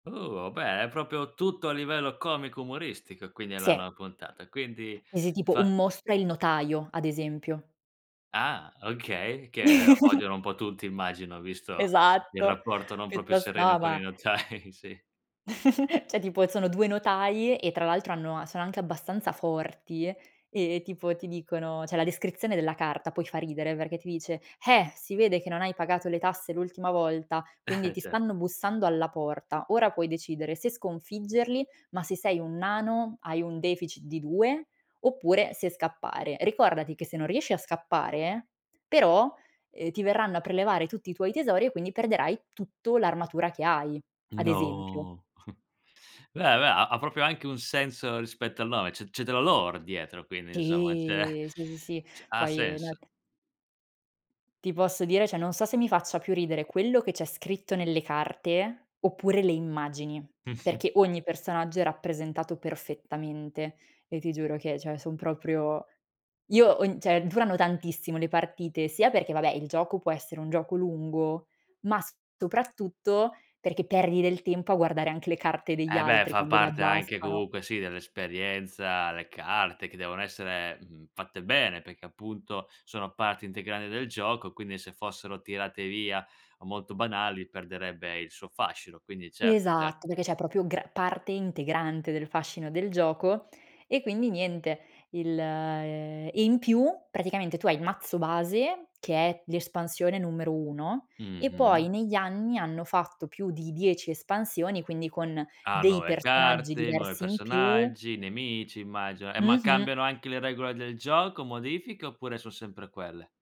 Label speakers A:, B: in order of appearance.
A: Oh, beh, è proprio tutto a livello comico umoristico, quindi è la
B: Se.
A: nuova puntata. Quindi,
B: Eh, se tipo
A: fa
B: un mostro è il notaio, ad esempio.
A: Ah, okay. Che odiano un po' tutti immagino, visto il
B: Esatto.
A: rapporto non
B: Più
A: proprio sereno con
B: tostava.
A: i notai, sì.
B: Cioè, tipo sono 2 notai e tra l'altro hanno sono anche abbastanza forti e tipo ti dicono c'è la descrizione della carta, poi fa ridere perché ti dice: "Eh, si vede che non hai pagato le tasse l'ultima volta, quindi ti
A: Cert
B: stanno bussando alla porta. Ora puoi decidere se sconfiggerli, ma se sei un nano, hai un deficit di 2, oppure se scappare. Ricordati che se non riesci a scappare, però, uhm, ti verranno a prelevare tutti i tuoi tesori e quindi perderai tutto l'armatura che hai." Ad esempio.
A: No. Beh, beh, ha proprio anche un senso rispetto al nome, c'è c'è della lore dietro quindi, insomma, c'è
B: Sì. sì, sì, sì.
A: c ha
B: Poi nell
A: senso.
B: Ti posso dire cioè, non so se mi faccia più ridere quello che c'è scritto nelle carte oppure le immagini,
A: Mh-mh.
B: perché ogni personaggio è rappresentato perfettamente e ti giuro che cioè, son proprio io ho n cioè durano tantissimo le partite sia perché vabbè il gioco può essere un gioco lungo, ma soprattutto perché perdi del tempo a guardare anche le carte degli
A: Eh, beh,
B: altri
A: fa
B: quando le
A: parte anche
B: abbassano.
A: comunque, sì, dell'esperienza, le carte che devono essere, mhmm, fatte bene, perché appunto sono parte integrante del gioco, quindi se fossero tirate via o molto banali, perderebbe il suo fascino. Quindi certo, cert
B: Esatto, perché c'è proprio gra parte integrante del fascino del gioco e quindi niente il e in più, praticamente tu hai il mazzo base che è l'espansione numero 1 e
A: Mh-mh.
B: poi negli anni hanno fatto più di 10 espansioni quindi con
A: Ah,
B: dei
A: nuove
B: personaggi
A: carte, nuovi
B: diversi in più
A: personaggi, nemici immagino. Eh, ma
B: Mh-mh.
A: cambiano anche le regole del gioco, modifiche oppure son sempre quelle?